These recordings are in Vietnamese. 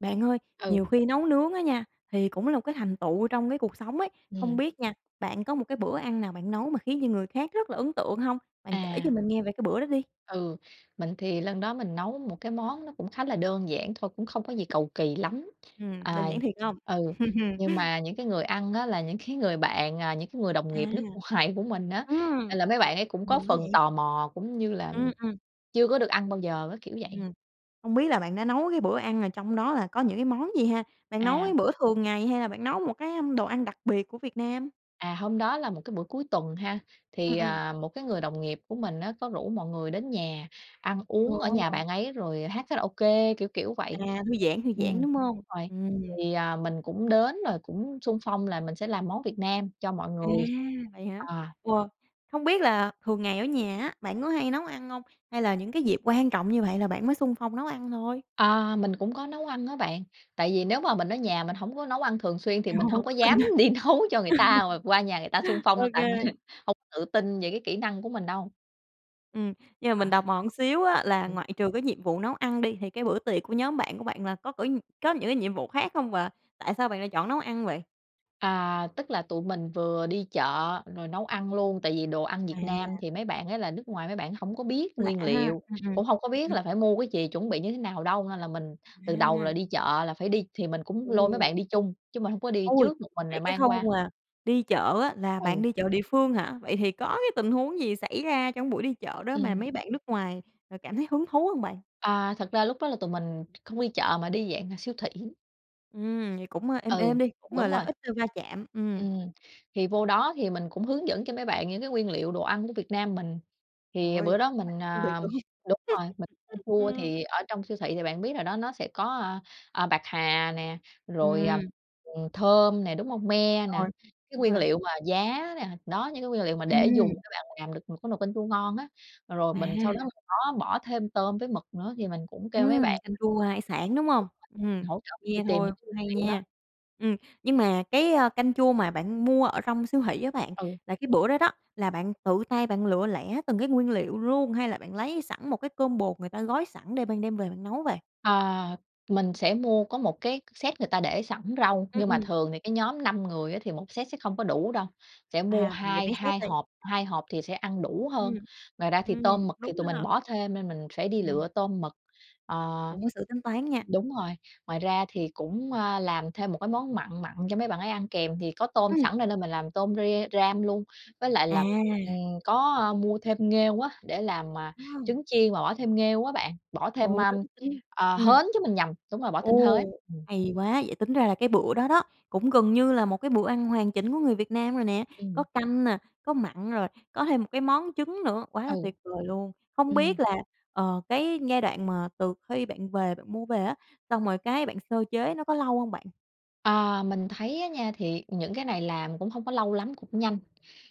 Bạn ơi, nhiều Ừ. khi nấu nướng á nha, thì cũng là một cái thành tựu trong cái cuộc sống ấy. Không Ừm. biết nha, bạn có một cái bữa ăn nào bạn nấu mà khiến cho người khác rất là ấn tượng hông? Bạn kể cho À. mình nghe về cái bữa đó đi. Ừ, mình thì lần đó mình nấu một cái món nó cũng khá là đơn giản thôi, cũng không có gì cầu kỳ lắm. Ừm, À, đơn giản thiệt hông? ừ. Nhưng mà những cái người ăn á, là những cái người bạn, à, những người đồng À, nghiệp nước ngoài của mình á. ừm. Nên là mấy bạn ấy cũng có Nhiều quá phần vậy? tò mò cũng như là Ừm, ừm. chưa có được ăn bao giờ á, kiểu vậy. Ừm. Không biết là bạn đã nấu cái bữa ăn là trong đó là có những cái món gì ha? Bạn nấu cái À. bữa thường ngày hay là bạn nấu một cái, à, đồ ăn đặc biệt của Việt Nam? À, hôm đó là một cái buổi cuối tuần ha. Ừm, Thì, ừm. à, một cái người đồng nghiệp của mình á, có rủ mọi người đến nhà ăn uống ở nhà Ồ. bạn ấy rồi hát karaoke, kiểu kiểu vậy. À, thư giãn, thư Ừm, giãn, đúng đúng hông? rồi. Ừm. Thì, à, mình cũng đến rồi cũng xung phong là mình sẽ làm món Việt Nam cho mọi À, người. vậy hả? À. Wow! Hông biết là thường ngày ở nhà á, bạn có hay nấu ăn hông? Hay là những cái dịp quan trọng như vậy là bạn mới xung phong nấu ăn thôi? À. Mình cũng có nấu ăn á bạn. Tại vì nếu mà mình ở nhà mình hổng có nấu ăn thường xuyên thì mình Ô, hông có tự tin dám ha, đi nấu cho người ta, mà qua nhà người ta xung phong đâu, OK. tại mình hông có tự tin về cái kỹ năng của mình đâu. Ừm. Nhưng mà mình À. tò mò xíu á, là Ừm. ngoại trừ cái nhiệm vụ nấu ăn đi, thì cái bữa tiệc của nhóm bạn của bạn là có cử có những nhiệm vụ khác không và tại sao bạn lại chọn nấu ăn vậy? À, tức là, tụi mình vừa đi chợ rồi nấu ăn luôn. Tại vì đồ ăn Việt Nam À. thì mấy bạn ấy là nước ngoài mấy bạn hổng có biết Lạ nguyên ha, liệu, ừm, ừm. cũng hông có biết Ừm. là phải mua cái gì, chuẩn bị như thế nào đâu. Nên là mình từ đầu là À. đi chợ là phải đi thì mình cũng lôi mấy Ừm. bạn đi chung, chứ mình hông có đi Ôi, trước mình vậy rồi cái mang khâu qua. mà đi chợ á, là bạn Ừ. đi chợ địa phương hả? Vậy thì có cái tình huống gì xảy ra trong buổi đi chợ đó mà Ừm. mấy bạn nước ngoài, à, cảm thấy hứng thú hông bạn? À, thật ra lúc đó là tụi mình không đi chợ mà đi dạng siêu thị. Ừm, vậy cũng êm Ừ, êm đi, cũng, gọi đúng là, rồi. ít va chạm. Ừm. Ừm, thì vô đó thì mình cũng hướng dẫn cho mấy bạn những nguyên liệu đồ ăn của Việt Nam mình. Thì Rồi bữa đó mình, [unintelligible] phân biệt, à đúng hông? đúng rồi, mình mua Ừm. thì ở trong siêu thị thì bạn biết rồi đó, nó sẽ có, a, à, bạc hà nè, rồi, à, Ừm. ừm, thơm nè, đúng hông? Me nè, Rồi, cái đúng nguyên rồi. liệu mà giá nè. Đó, những cái nguyên liệu mà để dùng Ừm. các bạn làm được một cái nồi canh chua ngon á. Rồi À. mình sau đó bỏ thêm tôm với mực nữa thì mình cũng kêu mấy Ừm. bạn Canh là hỗ chua hải sản, đúng trợ hông? [unintelligible] Ừm, hỗ trợ mình đi nghe tìm thôi những cái cũng nguyên hay liệu đó. nha. Ừm. Nhưng mà cái, ơ, canh chua mà bạn mua ở trong siêu thị á bạn, Ừ. là cái bữa đó đó, là bạn tự tay bạn lựa lẻ từng cái nguyên liệu luôn hay là bạn lấy sẵn một cái combo người ta gói sẵn để bạn đem về bạn nấu vậy? À, mình sẽ mua có một cái set người ta để sẵn rau. Ừm, Nhưng mà ừm. thường thì cái nhóm 5 người á, thì 1 set sẽ không có đủ đâu, sẽ mua À, vậy hai mấy set hai đây? hộp, 2 hộp thì sẽ ăn đủ Ừm, hơn. Ngoài ra thì ừm, tôm mực thì đúng tụi mình ha. bỏ thêm nên mình phải đi Ừm. lựa tôm mực. À. Cũng có sự tính toán nha. Đúng rồi. Ngoài ra thì cũng, à, làm thêm một món mặn mặn cho mấy bạn ấy ăn kèm, thì có tôm Ừm. sẵn nên mình làm tôm re ram luôn. Với lại là, À. ừm, có mua thêm nghêu á, để làm, à, Ờ. trứng chiên và bỏ thêm nghêu á bạn, bỏ thêm, Ôi, ơm, tính tính ờ, ừm. hến chứ, mình nhầm. Đúng rồi, bỏ thêm Ồ, hến. Ừm. hay quá! Vậy tính ra là cái bữa đó đó cũng gần như là một cái bữa ăn hoàn chỉnh của người Việt Nam rồi nè, có Ừm. canh nè, có mặn rồi có thêm một cái món trứng nữa. Quá Ừ, là tuyệt vời luôn! Không biết ừm. là, ờ, cái giai đoạn mà từ khi bạn về bạn mua về á, xong rồi cái bạn sơ chế nó có lâu hông bạn? À. Mình thấy á nha, thì những cái này làm cũng hông có lâu lắm, cũng nhanh.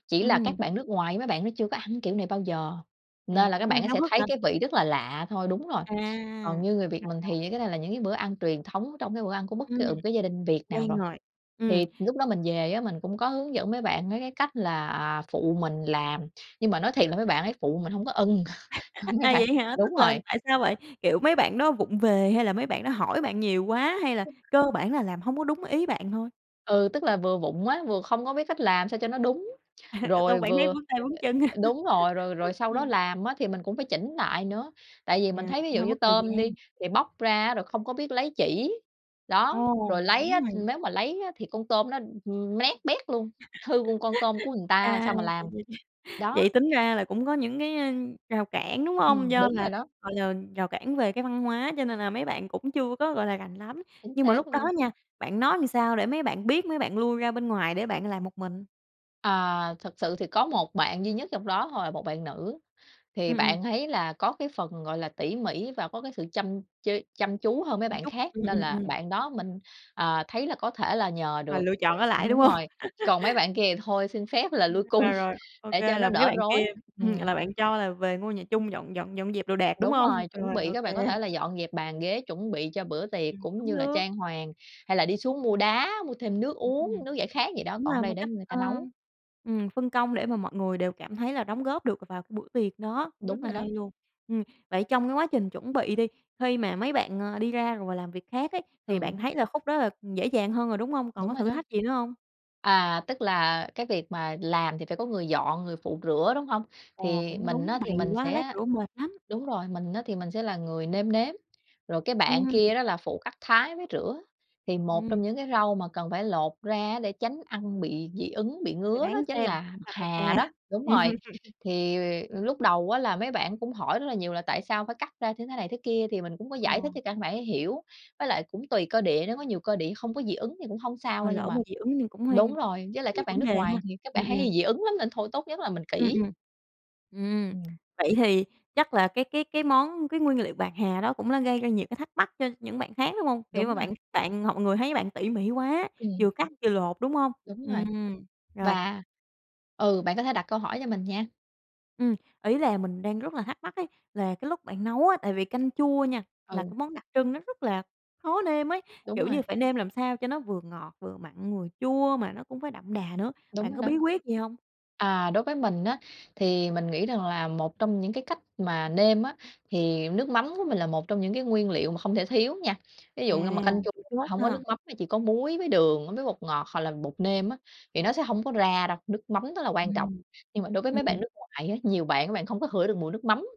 Chỉ là Ừm. các bạn nước ngoài mấy bạn đó chưa ăn kiểu này bao giờ, À, nên cũng các bạn háo sẽ hức thấy hả? cái vị rất là lạ thôi đúng rồi. À, Còn rồi, như người Việt mình rồi. thì những cái này là những bữa ăn truyền thống trong cái bữa ăn của bất kỳ, Ừm, ờ, một gia đình Việt nào quen rồi. rồi, ừm. Thì lúc đó mình về á, mình cũng có hướng dẫn mấy bạn mấy cái cách là phụ mình làm. Nhưng mà nói thiệt là mấy bạn ấy phụ mình hông có ưng lắm á À, bạn. vậy hả? Tức Đúng là, rồi. tại sao vậy? Kiểu, mấy bạn đó vụng về hay là mấy bạn đó hỏi bạn nhiều quá hay là cơ bản là làm hông có đúng ý bạn thôi? Ừ, tức là, vừa vụng á, vừa không có biết cách làm sao cho nó đúng. Xong Rồi bạn thấy vừa vướng tay vướng chân hả? đúng rồi, rồi rồi sau đó Ừm. làm á, thì mình cũng phải chỉnh lại nữa. Tại vì mình À, thấy, ví cũng dụ hơi như, mất thời tôm gian. đi thì bóc ra rồi không biết lấy chỉ, đó. Ồ, Rồi lấy đúng á rồi. nếu mà lấy á, thì con tôm nó, ừm, nát bét luôn, hư con con tôm của người ta À, sao mà vậy làm. vậy vậy Đó. tính ra là cũng có những, ơ, cái rào cản, đúng hông? Ừm, Do đúng rồi là, đó. gọi là, rào cản về cái văn hóa cho nên là mấy bạn cũng chưa có, gọi là, rành lắm. Chính Nhưng mà lúc xác đó luôn. nha, bạn nói làm sao để mấy bạn biết, mấy bạn lui ra bên ngoài để bạn làm một mình? À. Thật sự thì có một bạn duy nhất trong đó thôi là một bạn nữ. Thì Ừm, ừm. bạn ấy là có cái phần, gọi là, tỉ mỉ và có cái sự chăm chế chăm chú hơn mấy bạn Chút, khác. ừm, Nên ừm, là ừm. bạn đó mình, à, thấy là có thể là nhờ Ờ, được, lựa chọn ở lại, đúng đúng hông? rồi. Còn mấy bạn kia thì thôi xin phép là À, lui cung rồi, rồi, OK để cho là nó mấy đỡ bạn rối. kia ừm, Ừm. là bạn cho là về ngôi nhà chung dọn dọn dọn dẹp đồ đạc, đúng Đúng hông? rồi. Chuẩn Rồi, bị là các OK. bạn có thể là dọn dẹp bàn ghế chuẩn bị cho bữa tiệc Ừm, cũng cũng như là được. trang hoàng hay là đi xuống mua đá, mua thêm nước uống, Ừm. nước giải khát gì đó, Cũng còn ở là đây một để cách, người ta ơ, nấu. ừm, phân công để mà mọi người đều cảm thấy là đóng góp được vào cái buổi tiệc đó. Đúng Rất là rồi hay đó. luôn! Ừm. Vậy trong cái quá trình chuẩn bị đi, khi mà mấy bạn, ơ, đi ra rồi và làm việc khác ấy, thì Ừ. bạn thấy là khúc đó là dễ dàng hơn rồi, đúng hông? Còn Đúng có rồi thử đó. thách gì nữa hông? À, tức là, cái việc mà làm thì phải có người dọn, người phụ rửa, đúng hông? Ồ, Thì cũng mình đúng, á, thì bày mình quá lát sẽ rửa mệt lắm. đúng rồi, mình á, thì mình sẽ là người nêm nếm. Rồi cái bạn Ừm. kia đó là phụ cắt thái với rửa. Thì một Ừm. trong những cái rau mà cần phải lột ra á, để tránh ăn bị dị ứng, bị Rồi ngứa đó đoán chính xem là bạc là bạc hà hà. đó, đúng rồi. Thì lúc đầu á, là mấy bạn cũng hỏi rất là nhiều là tại sao phải cắt ra thế này thế kia, thì mình cũng có giải thích Ồ. cho các bạn hiểu, với lại cũng tùy cơ địa nữa. Có nhiều cơ địa hông có dị ứng thì cũng hông sao Rồi đâu, nhưng lỡ mà mà dị ứng thì cũng hơi đúng rồi, với lại nhiều các bạn vấn nước đề ha. ngoài thì các Ừm, bạn ấy ừm. hay dị ứng lắm, nên thôi tốt nhất là mình Ừm, kỹ. ừm, ừm. Ừm. Vậy thì chắc là cái cái cái món cái nguyên liệu bạc hà đó cũng là gây ra nhiều thắc mắc cho những bạn khác, đúng hông? Kiểu Đúng mà rồi. bạn bạn hoặc người thấy bạn tỉ mỉ quá, vừa Ừm. cắt vừa lột, đúng hông? Đúng Ừm. rồi Rồi. và ừ, bạn có thể đặt câu hỏi cho mình nha. Ừm. Ý là mình đang rất là thắc mắc ấy, là cái lúc bạn nấu á, tại vì canh chua nha, là Ừ. cái món đặc trưng nó rất là khó nêm ấy. Đúng Kiểu rồi. như phải nêm làm sao cho nó vừa ngọt, vừa mặn, vừa chua mà nó cũng phải đậm đà nữa. Đúng Bạn rồi có bí đó. quyết gì hông? À. Đối với mình á, thì mình nghĩ rằng là một trong những cái cách mà nêm á, thì nước mắm của mình là một trong những cái nguyên liệu mà không thể thiếu nha. Ví À, dụ như mà canh chua chủ mà chốt hông có nước ha. mắm mà chỉ có muối với đường với bột ngọt hoặc là bột nêm á, thì nó sẽ hông có ra đâu. Nước mắm rất là quan trọng. Ừm, Nhưng mà đối với mấy bạn ừm. nước ngoài á, nhiều bạn, mấy bạn không có ngửi được mùi nước mắm.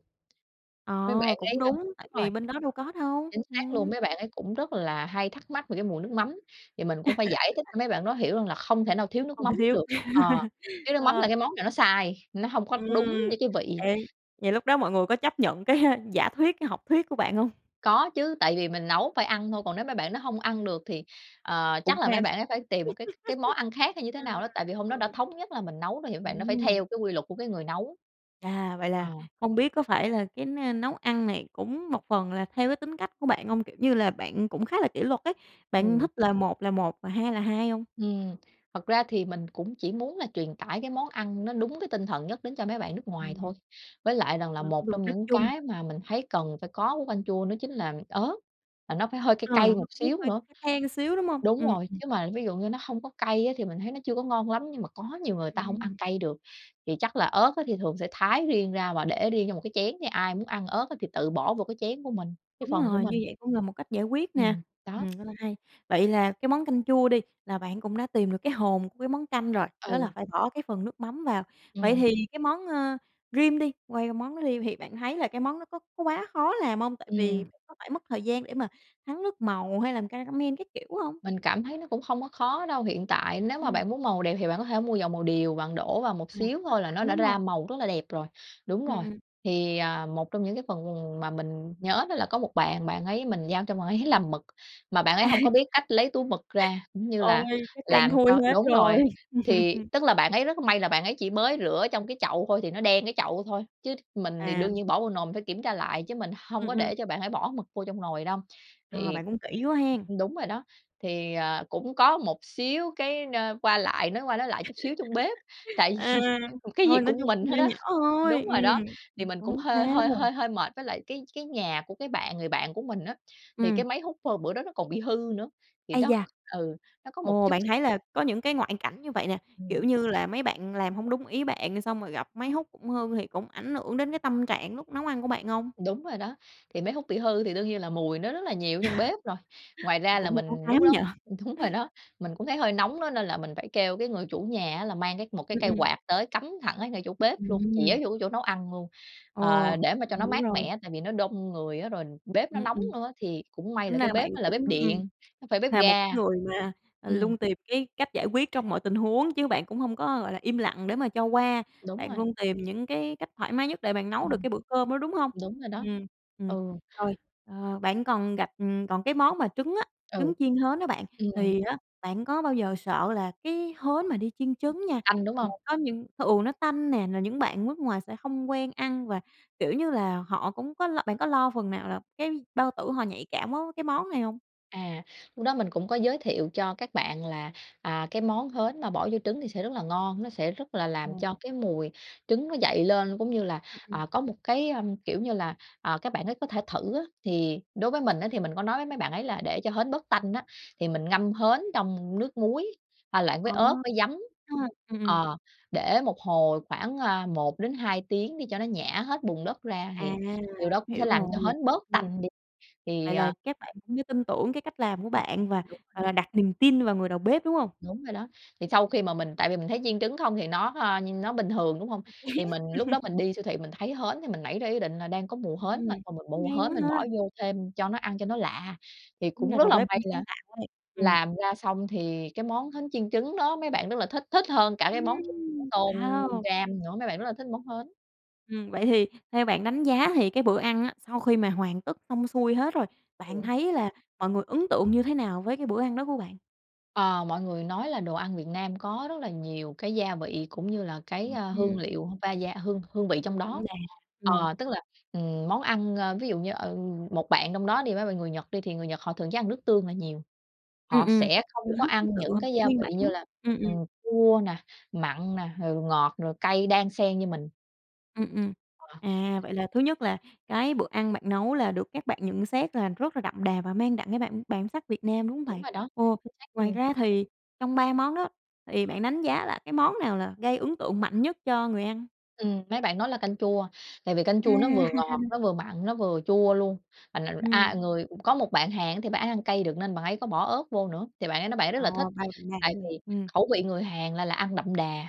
Mấy bạn Ờ, cũng ấy, ơ đúng, tại đúng rồi, vì bên đó đâu có đâu. chính xác Ừm. luôn. Mấy bạn ấy cũng rất là hay thắc mắc về cái mùi nước mắm thì mình cũng phải giải thích cho mấy bạn đó hiểu rằng là không thể nào thiếu nước Không thể mắm thiếu, được. Ờ. Thiếu nước mắm ờ. là cái món này nó sai, nó hông có đúng Ừm. như cái vị. Vậy vậy lúc đó mọi người có chấp nhận cái giả thuyết, cái học thuyết của bạn hông? Có chứ. Tại vì mình nấu phải ăn thôi. Còn nếu mấy bạn đó hông ăn được thì, ờ, Cũng chắc là phải mấy ăn, bạn đó phải tìm một cái cái món ăn hay khác như thế nào ừm, đó. Tại vì hôm đó đúng đã rồi. thống nhất là mình nấu rồi thì mấy bạn đó phải Ừm. theo cái quy luật của cái người nấu. À, vậy Ờ. là hông biết có phải là cái n nấu ăn này cũng một phần là theo cái tính cách của bạn hông? Kiểu như là bạn cũng khá là kỷ luật ấy, bạn Ừ. thích là một là một và hai là hai hông? Ừm. Thật ra thì mình cũng chỉ muốn là truyền tải cái món ăn nó đúng với tinh thần nhất đến cho mấy bạn nước ngoài Ừm. thôi. Với lại rằng là Ờ, một trong mục đích những chung. cái mà mình thấy cần phải có của canh chua nó chính là ớt, và nó phải hơi cay Ờ. cay Nó một cũng xíu hơi nữa. the the xíu, đúng hông? Đúng Ừm, rồi, ừm. chứ mà, ví dụ như, nó hông có cay á, thì mình thấy nó chưa có ngon lắm, nhưng mà có nhiều người ta hông ăn Ừm. cay được. Thì chắc là ớt á, thì thường sẽ thái riêng ra và để riêng cho một cái chén, ai muốn ăn ớt thì tự bỏ vô cái chén của mình, cái Đúng phần của rồi, mình. như vậy cũng là một cách giải quyết nè. Ừm, Ừm. đó. Rất là hay. Vậy là cái món canh chua đi, là bạn cũng đã tìm được cái hồn của cái món canh rồi, đó là Ừ. phải bỏ cái phần nước mắm vào. Vậy Ừm. thì cái món, ơ, rim đi quay qua món rim thì bạn thấy là cái món nó có có quá khó làm hông? Tại vì Ừm. [unintelligible] phải mất thời gian để mà thắng nước màu hay làm caramel các kiểu hông? Mình cảm thấy nó cũng không có khó đâu. Hiện tại nếu mà Ừm. bạn muốn màu đẹp thì bạn có thể mua dầu màu điều, bạn đổ vào một À, xíu cũng có thôi là nó sẵn, đã đúng hông. ra màu rất là đẹp rồi. Đúng Ừm, rồi. ừm. Thì, à, một trong những cái phần mà mình nhớ là có một bạn, bạn ấy mình giao cho bạn ấy làm mực mà bạn ấy À! hông có biết cách lấy túi mực ra, cũng như là Ôi! Chắc đen làm thui cho hết đúng rồi. rồi. Thì, tức là, bạn ấy rất may là bạn ấy chỉ mới rửa trong cái chậu thôi thì nó đen cái chậu thôi. Chứ mình thì À. đương nhiên bỏ vô nồi phải kiểm tra lại chứ mình hông Ừm, có ừm. để cho bạn phải bỏ mực vô trong nồi đâu. Ờ, Thì bạn cũng kĩ quá hén? ừm, đúng rồi đó, thì, à, cũng có một xíu cái, a, qua lại nói qua nói lại chút xíu trong bếp. Tại À, vì cái gì thôi, nói cũng chung mình cũng hết nhỏ á. nhỏ thôi. Đúng Ừm, rồi đó, ờ, thì cũng mình cũng hổng hơi hơi sao. hơi hơi mệt, với lại cái cái nhà của cái bạn người bạn của mình á, thì Ừm. cái máy hút, à, bữa đó nó còn bị hư nữa. Thì Ây đó da! ừ, có một Ồ! chút Bạn x thấy là có những cái ngoại cảnh như vậy nè. Kiểu Ừm. như là mấy bạn làm hông đúng ý bạn, xong rồi gặp máy hút cũng hư thì cũng ảnh hưởng đến cái tâm trạng lúc nấu ăn của bạn hông? Đúng rồi đó. Thì máy hút bị hư thì đương nhiên là mùi nó rất là nhiều ở trong bếp rồi. Ngoài ra là Cũng hơi ám mình lúc ám nhỉ? đó đúng rồi đó, mình cũng thấy hơi nóng á, nên là mình phải kêu cái người chủ nhà á, là mang cái một cái Ừm, cây ừm. quạt tới cắm thẳng ở ngay chỗ bếp luôn, chĩa Ừm. vô cái chỗ nấu ăn luôn, à, Ồ, để mà cho nó hiểu mát rồi. mẻ. Tại vì nó đông người á, rồi bếp nó Ừm, nóng ừm. nữa, thì cũng may Tính là ra cái là bạn bếp nó là cũng bếp ừm, điện, hông phải bếp là một ga. cái người mà, à, Ừm. luôn tìm cái cách giải quyết trong mọi tình huống chứ bạn cũng hông có, gọi là, im lặng để mà cho qua. Đúng Bạn rồi. luôn tìm những cái cách thoải mái nhất để bạn nấu được Ừm, cái bữa cơm đó, đúng hông? đúng rồi đó, Ừm, ừm. ừ. Rồi, ờ, bạn còn gặp còn cái món mà trứng á, trứng Ừ, chiên hến đó bạn, ừm. thì á, bạn có bao giờ sợ là cái hến mà đi chiên trứng nha, Tanh, đúng là hông? có những thì, ừ, nó tanh nè, là những bạn nước ngoài sẽ hông quen ăn, và, kiểu như là, họ cũng có lo bạn có lo phần nào là cái bao tử họ nhạy cảm quá cái món này hông? À. Lúc đó mình cũng có giới thiệu cho các bạn là, à, cái món hến mà bỏ vô trứng thì sẽ rất là ngon. Nó sẽ rất là làm Ừm. cho cái mùi trứng nó dậy lên, cũng như là, Ừm, ừm. à, có một cái, ờm, kiểu như là, à, các bạn ấy có thể thử á. Thì đối với mình á, thì mình có nói với mấy bạn ấy là để cho hến bớt tanh á, thì mình ngâm hến trong nước muối, pha loãng với À, ớt [unintelligible] với giấm. ha, ừm, ừm. Ờ, để một hồi khoảng, à, 1 đến 2 tiếng đi cho nó nhả hết bùn đất ra À, thì điều đó cũng sẽ hiểu làm cho rồi. hến bớt Ừm. tanh đi. Thì, Vậy là à các bạn cũng như tin tưởng cái cách làm của Ừm, bạn và, đúng rồi. gọi là, đặt niềm tin vào người đầu bếp, đúng hông? Đúng rồi đó. Thì sau khi mà mình tại vì mình thấy chiên trứng không thì nó, ơ, nó bình thường, đúng hông? Thì mình lúc đó thì mình đi siêu thị mình thấy hến thì mình nảy ra ý định là đang có mùa hến Ừm, mà, thôi mình mua hay hến quá mình bỏ ha. vô thêm cho nó ăn cho nó lạ. Thì Tính cũng ra rất đầu là bếp may cũng sáng tạo ấy. Ừm. làm ra xong thì cái món hến chiên trứng đó mấy bạn thích, thích hơn cả món [unintelligible] Ừm, tôm hao. ram nữa. Mấy bạn rất là thích món hến. Ừm. Vậy thì theo bạn đánh giá thì cái bữa ăn á, sau khi mà hoàn tất xong xuôi hết rồi, bạn Ừ. thấy là mọi người ấn tượng như thế nào với cái bữa ăn đó của bạn? À. Mọi người nói là đồ ăn Việt Nam có rất là nhiều cái gia vị cũng như là cái, Ừm, a, hương ừm. liệu va da hương hương vị trong Đậm đó. đà, ừm. Ờ, tức là, ừm, món ăn, ơ, ví dụ như, ờ, một bạn trong đó đi mấy bạn người Nhật đi, thì người Nhật thường ăn nước tương là nhiều. Ừm Họ ừm, sẽ yêu không có thích cái ăn sự những gia nguyên bản. vị như là, Ừm, ừm. ừm, chua nè, mặn nè, rồi ngọt, rồi cay đan xen như mình. Ừm, ừm. Ờ, đấy. À, vậy là thứ nhất là cái bữa ăn bạn nấu là được các bạn nhận xét rất là đậm đà và mang đậm cái bản bản sắc Việt Nam, đúng hông Đúng bạn? rồi đó, Ồ! chính xác Ngoài luôn. ra thì trong 3 món á, thì bạn đánh giá là cái món nào là gây ấn tượng mạnh nhất cho người ăn? Ừm. Mấy bạn nói là canh chua, tại vì canh À! chua nó vừa ngọt, nó vừa mặn, nó vừa chua luôn. Mình mình a, Ừm. người có một bạn Hàn thì bạn ấy ăn cay được, nên bạn ấy có bỏ ớt vô nữa, thì bạn ấy nói bạn ấy rất là thích. Ồ! Tại [unintelligible] vì Ừm. khẩu vị người Hàn là là ăn đậm đà,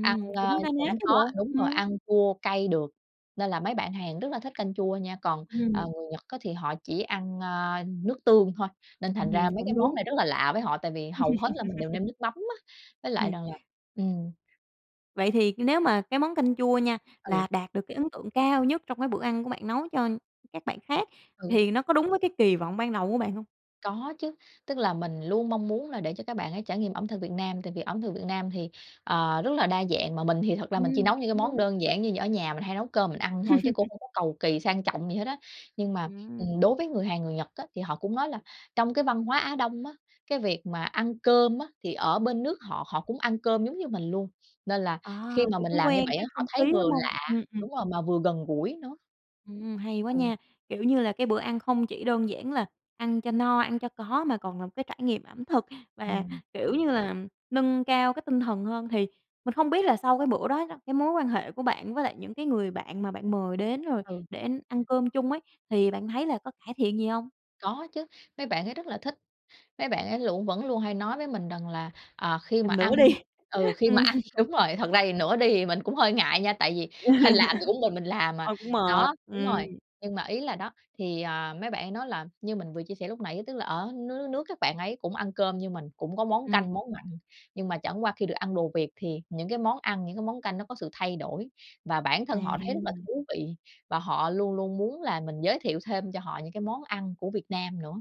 ăn, ơ, cũng na ná cũng chứ có bộ, đúng rồi, ừm. ăn chua cay được, nên là mấy bạn Hàn rất là thích canh chua nha. Còn, à, Ừm. người Nhật á, thì họ chỉ ăn, a, nước tương thôi. Nên thành ra Ừm, mấy cái cũng món đúng. này rất là lạ với họ, tại vì hầu hết là mình đều nêm nước mắm á. Với lại Ừm. rằng là, ừm Vậy thì nếu mà cái món canh chua nha, là Ừ. đạt được cái ấn tượng cao nhất trong cái bữa ăn của bạn nấu cho các bạn khác, Ừ. thì nó có đúng với cái kỳ vọng ban đầu của bạn hông? Có chứ. Tức là, mình luôn mong muốn là để cho các bạn ấy trải nghiệm ẩm thực Việt Nam, tại vì ẩm thực Việt Nam thì, ờ, rất là đa dạng. Mà mình thì thật ra là mình chỉ Ừm, nấu những cái cũng món đúng. đơn giản như ở nhà, mình hay nấu cơm mình ăn thôi. Chứ cũng hông có cầu kỳ sang trọng gì hết á. Nhưng mà, Ừm. ừm, đối với người Hàn, người Nhật á, thì họ cũng nói là trong văn hóa Á Đông á, cái việc mà ăn cơm á, thì ở bên nước họ, họ cũng ăn cơm giống như mình luôn. Nên là À, khi kiểu, mình cũng làm như quen vậy á, cái họ không thấy khí, đúng vừa hông? lạ Ừm, ừm. đúng rồi, mà vừa gần gũi nữa. Ừm, hay quá Ừ. nha. Kiểu như là, cái bữa ăn không chỉ đơn giản là ăn cho no, ăn cho có mà còn là một cái trải nghiệm ẩm thực và, Ừm. kiểu như là, nâng cao cái tinh thần hơn. Thì mình không biết là sau cái bữa đó đó, cái mối quan hệ của bạn với lại những cái người bạn mà bạn mời đến rồi Ừ. để ăn cơm chung ấy thì bạn thấy là có cải thiện gì hông? Có chứ, mấy bạn ấy rất là thích. Mấy bạn ấy lũ vẫn luôn hay nói với mình rằng là, à, khi mà Làm nữa ăn đi. ừ, khi mà Ừm. ăn đúng rồi, thật ra nữa đi mình cũng hơi ngại nha, tại vì hơ làm cũng mình mình làm mà Ừ, cũng mệt, đó, đúng ừm. rồi. Nhưng mà ý là đó, thì, à, mấy bạn ấy nói là, như mình vừa chia sẻ lúc nãy, tức là ở nước nước nước các bạn ấy cũng ăn cơm như mình, cũng có món Ừm. canh, món mặn. Nhưng mà chẳng qua khi được ăn đồ Việt thì những cái món ăn, những cái món canh nó có sự thay đổi và bản thân họ thấy rất là À. thú vị. Và họ luôn luôn muốn là mình giới thiệu thêm cho họ những cái món ăn của Việt Nam nữa.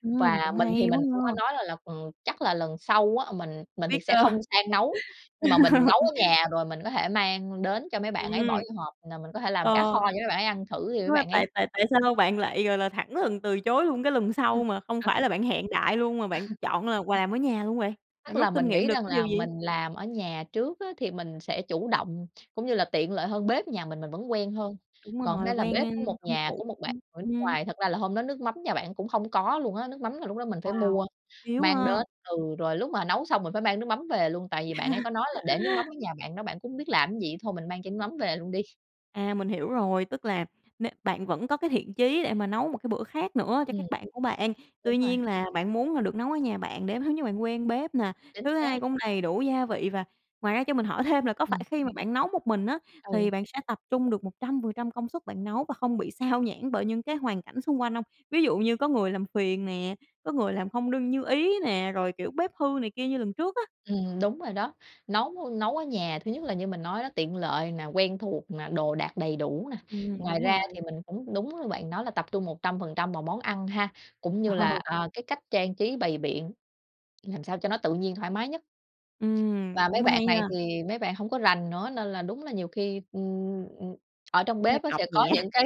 Ừm, Và cũng mình thì hay quá mình cũng có ha. nói là là chắc là lần sau á, mình mình thì Biết sẽ ơ không sang nấu nhưng mà mình nấu ở nhà rồi mình có thể mang đến cho mấy bạn ấy, bỏ Ừm. vô hộp. Là mình có thể Ờ, làm cá kho cho mấy bạn ấy ăn thử đi, mấy đúng rồi, bạn ấy tại tại tại sao bạn lại, gọi là, thẳng thừng từ chối luôn cái lần Ừm, sau mà không ờ. phải là bạn hẹn đại luôn, mà bạn chọn là quà ở nhà luôn vậy? Bạn Tức rút là kinh mình nghiệm nghĩ được rằng cái điều là gì? mình làm ở nhà trước á thì mình sẽ chủ động cũng như là tiện lợi hơn, bếp nhà mình mình vẫn quen hơn. Đúng Còn rồi, đây là quen, bếp ơ, của một thân nhà thuộc. của một bạn người nước Ừm. ngoài thật ra là hôm đó nước mắm nhà bạn cũng hông có luôn á. Nước mắm là lúc đó mình phải Wow. mua Thiếu mang ha. đến, ừ, rồi lúc mà nấu xong mình phải mang nước mắm về luôn. Tại vì bạn ấy có nói là để nước mắm ở nhà bạn đó, bạn cũng hông biết làm gì, thôi mình mang chai nước mắm về luôn đi. À, mình hiểu rồi! Tức là n bạn vẫn có cái thiện chí để mà nấu một cái bữa khác nữa cho các Ừm. bạn của bạn. Đúng Tuy rồi. nhiên là bạn muốn là được nấu ở nhà bạn để thứ nhất bạn quen bếp nè, Chính thứ xác! hai cũng đầy đủ gia vị. Và ngoài ra, cho mình hỏi thêm là có phải Ừm. khi mà bạn nấu một mình, ớ, thì Ừ. bạn sẽ tập trung được 100% công suất bạn nấu và không bị sao nhãng bởi những cái hoàn cảnh xung quanh hông? Ví dụ như có người làm phiền nè, có người làm không đương như ý nè, rồi, kiểu, bếp hư này kia như lần trước á? Ừm, đúng rồi đó. Nấu nấu ở nhà, thứ nhất là như mình nói đó, tiện lợi nè, quen thuộc nè, đồ đạc đầy đủ nè. Ừm, Ngoài đúng ra rồi. thì mình cũng đúng như bạn nói, là tập trung 100% vào món ăn ha. Cũng như là, Ờ. à, cái cách trang trí, bày biện làm sao cho nó tự nhiên, thoải mái nhất. Ừm, Và mấy cũng bạn hay ha. này thì mấy bạn hổng có rành nữa nên là đúng là nhiều khi, ưm, ưm, ở trong Cũng hơi bếp cọc sẽ có nhẹ. những cái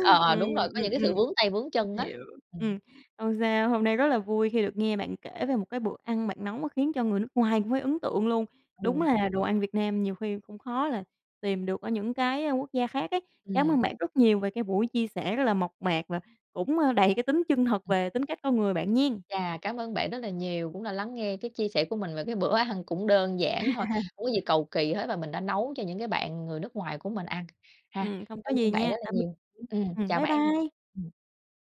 ờ, ờ, Ừm, đúng rồi, có ừm, những cái ừm. sự vướng tay vướng chân Mình á. hiểu, Ừm. ừm. Hông sao, hôm nay rất là vui khi được nghe bạn kể về một cái bữa ăn bạn nấu mà khiến cho người nước ngoài cũng phải ấn tượng luôn. Đúng Ừm. là đồ ăn Việt Nam nhiều khi cũng khó là tìm được ở những cái, a, quốc gia khác ấy. Cảm Ừm. ơn bạn rất nhiều về cái buổi chia sẻ rất là mộc mạc và cũng, ơ, đầy cái tính chân thật Ừm. về tính cách con người bạn nghen. Chà! Cảm ơn bạn rất là nhiều, cũng đã lắng nghe cái chia sẻ của mình về cái bữa ăn cũng đơn giản thôi, hổng có gì cầu kỳ hết và mình đã nấu cho những cái bạn người nước ngoài của mình ăn ha. Ừm, hông có Cảm gì ơn bạn nha, rất là tạm nhiều. biệt. Ừm, Ừm, chào bye bạn! bye! Ừm.